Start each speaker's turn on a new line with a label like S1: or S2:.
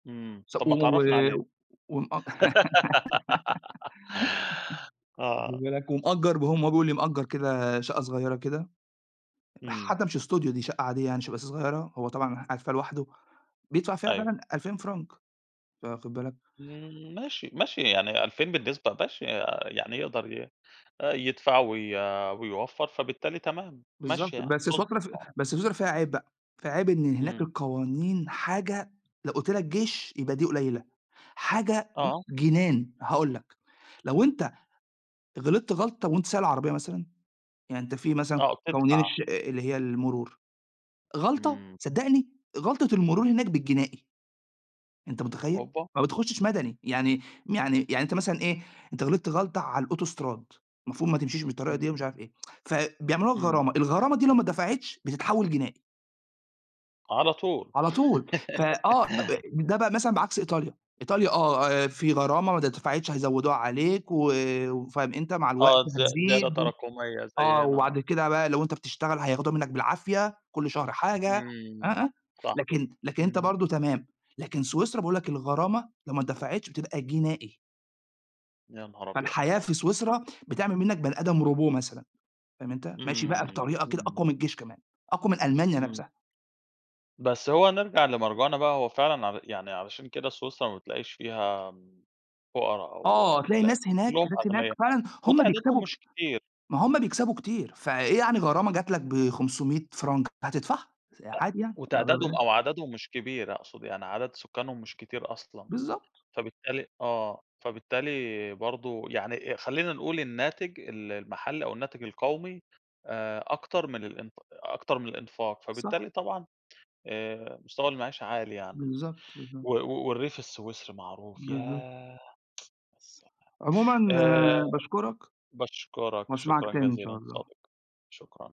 S1: إمم، طب
S2: سب
S1: ما
S2: و و
S1: تعرّفني عليه.
S2: و ومأج واخد
S1: آه.
S2: بالك، ومأجر بقى م هو بيقول لي مأجر كده شقة صغيرة كده،
S1: إمم.
S2: حتى مش studio دي شقة عادية يعني، شقة بس صغيرة، هو طبعًا قاعد فيها لوحده بيدفع فيها
S1: أيوه.
S2: فعلًا 2000 فرانك، فواخد بالك.
S1: إمم، ماشي، ماشي، يعني 2000 بالنسبة ماشي، آآ، يعني يقدر ي آآ، يدفع وي ويوفر، فبالتالي تمام،
S2: بالضبط
S1: ماشية يعني،
S2: بس سويسرا
S1: تضبط
S2: ف
S1: آه.
S2: بس سويسرا، فيها عيب بقى، فيها عيب إن هناك
S1: إمم.
S2: القوانين حاجة لو قلت لك جيش يبقى دي قليلة، حاجة
S1: آه.
S2: بُص جنان. هاقول لك، لو أنت غلطت غلطة وانت سايق العربية مثلًا، يعني أنت في مثلًا
S1: آه وبتدفع.
S2: قوانين الش أأ اللي هي المرور، غلطة،
S1: إمم.
S2: صدقني غلطة المرور هناك بالجنائي. أنت متخيل؟!
S1: أوبا!
S2: ما بتخشش مدني، يعني يعني يعني أنت مثلًا إيه، أنت غلطت غلطة على الاوتوستراد، المفروض ما تمشيش بالطريقة
S1: إمم.
S2: دي ومش عارف إيه، فبيعملوها
S1: إمم.
S2: غرامة، الغرامة دي لو ما اتدفعتش بتتحول جنائي.
S1: على طول.
S2: على طول، فآه، أ أ ده بقى مثلًا بعكس إيطاليا إيطاليا، آه، آآ في غرامة، ما اتدفعتش هيزودوها عليك، و وفأنت مع الوقت
S1: آه، زيا زيادة
S2: هتزيد و
S1: تراكمية
S2: آه،
S1: زينا،
S2: وبعد
S1: آه.
S2: كده بقى لو انت بتشتغل، هياخدوها منك بالعافية، كل شهر حاجة، آه،
S1: إمم،
S2: آه،
S1: صح،
S2: لكن لكن أنت
S1: اهم.
S2: برضو تمام، لكن سويسرا، باقول لك الغرامة لو ما اتدفعتش، بتبقى جنائي.
S1: يا نهار أبيض!
S2: فالحياة في سويسرا بتعمل منك بني آدم، robot مثلًا، فاهم أنت؟ ماشي بقى
S1: إمم،
S2: بطريقة كده
S1: إمم.
S2: أقوى من الجيش كمان، أقوى من ألمانيا
S1: إمم.
S2: نفسها.
S1: بس هو نرجع لمرجوعنا بقى، هو فعلًا ع يعني علشان كده سويسرا ما بتلاقيش فيها إمم، فقرا
S2: آه،
S1: أو
S2: تلاقي
S1: لأ
S2: الناس هناك
S1: كلهم
S2: الناس هناك،
S1: أغنيا
S2: فعلًا هُم
S1: وتعدادهم
S2: بيكسبوا كت
S1: مش كتير.
S2: ما هُم بيكسبوا كتير، فإيه يعني غرامة جات لك ب500 فرانك، هتدفعها س
S1: أ
S2: عادي يعني، واخد
S1: وتعدادهم
S2: بالك؟
S1: أو عددهم مش كبير أقصد يعني، عدد سكانهم مش كتير أصلًا
S2: بالضبط.
S1: فبالتالي آه، فبالتالي برضو يعني خلينا نقول الناتج ال المحلي أو الناتج القومي، آآ، أكتر من الإنت أكتر من الإنفاق
S2: صح.
S1: فبالتالي طبعًا آآ، مستوى المعيشة عالي يعني.
S2: بالضبط،
S1: و
S2: بالضبط.
S1: و والريف السويسري معروف
S2: بالضبط.
S1: ياه! يا سلام!
S2: عمومًا،
S1: آآ
S2: باشكرك
S1: باشكرك،
S2: وأسمعك
S1: شكرًا
S2: تاني إن
S1: جزيلًا
S2: شاء الله.
S1: ضديقي، شكرًا.